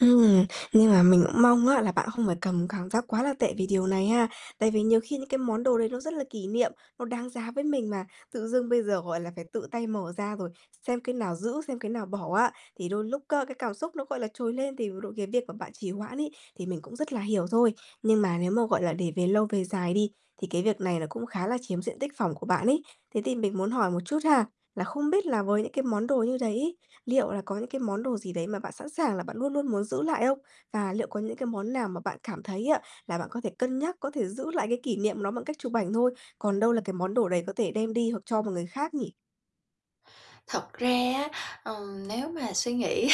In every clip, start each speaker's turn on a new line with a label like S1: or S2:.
S1: Ừm, nhưng mà mình cũng mong á là bạn không phải cầm cảm giác quá là tệ vì điều này ha. Tại vì nhiều khi những cái món đồ đấy nó rất là kỷ niệm, nó đáng giá với mình mà, tự dưng bây giờ, gọi là, phải tự tay mở ra rồi xem cái nào giữ, xem cái nào bỏ á, thì đôi lúc á cái cảm xúc nó, gọi là, trồi lên thì [unintelligible] cái việc mà bạn trì hoãn ấy, thì mình cũng rất là hiểu thôi. Nhưng mà nếu mà, gọi là, để về lâu về dài đi, thì cái việc này nó cũng khá là chiếm diện tích phỏng của bạn ấy. Thế thì mình muốn hỏi một chút ha, là không biết là với những cái món đồ như đấy, liệu là có những cái món đồ gì đấy mà bạn sẵn sàng là bạn luôn luôn muốn giữ lại không? Và liệu có những cái món nào mà bạn cảm thấy á là bạn có thể cân nhắc, có thể giữ lại cái kỷ niệm nó bằng cách chụp ảnh thôi? Còn đâu là cái món đồ đấy có thể đem đi hoặc cho một người khác nhỉ?
S2: Thật ra á, ờ, nếu mà suy nghĩ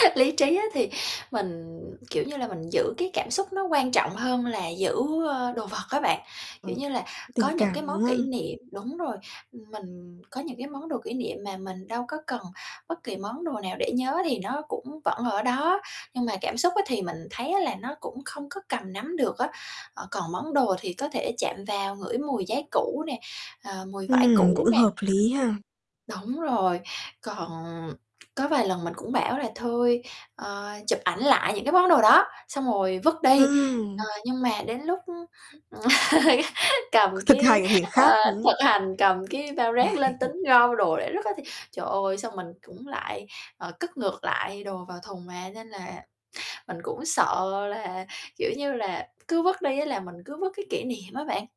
S2: lý trí á thì mình, kiểu như là, mình giữ cái cảm xúc nó quan trọng hơn là giữ, ơ, đồ vật á bạn. Kiểu
S1: Ờ,
S2: như là, có
S1: tình
S2: những cái
S1: cảm,
S2: món
S1: đúng
S2: kỷ
S1: không?
S2: niệm đúng rồi, mình có những cái món đồ kỷ niệm mà mình đâu có cần bất kỳ món đồ nào để nhớ thì nó cũng vẫn ở đó. Nhưng mà cảm xúc á thì mình thấy á là nó cũng không có cầm nắm được á, ờ, còn món đồ thì có thể chạm vào ngửi mùi giấy cũ nè, ờ, mùi vải
S1: Ừm, cũng
S2: cũ nè.
S1: hợp lý ha.
S2: Đúng rồi, còn có vài lần mình cũng bảo là thôi, ờ, chụp ảnh lại những cái món đồ đó, xong rồi vứt đi, ờ,
S1: Ừm.
S2: nhưng mà đến lúc cầm
S1: C thực
S2: cái
S1: hành thì
S2: ờ,
S1: khác [unintelligible]
S2: thực hành cầm cái bao rác lên tính gom đồ để rứt á thì, trời ơi, xong mình cũng lại, ờ, cất ngược lại đồ vào thùng mà, nên là mình cũng sợ là, kiểu như là, c cứ vứt đi á là mình cứ vứt cái kỷ niệm á bạn.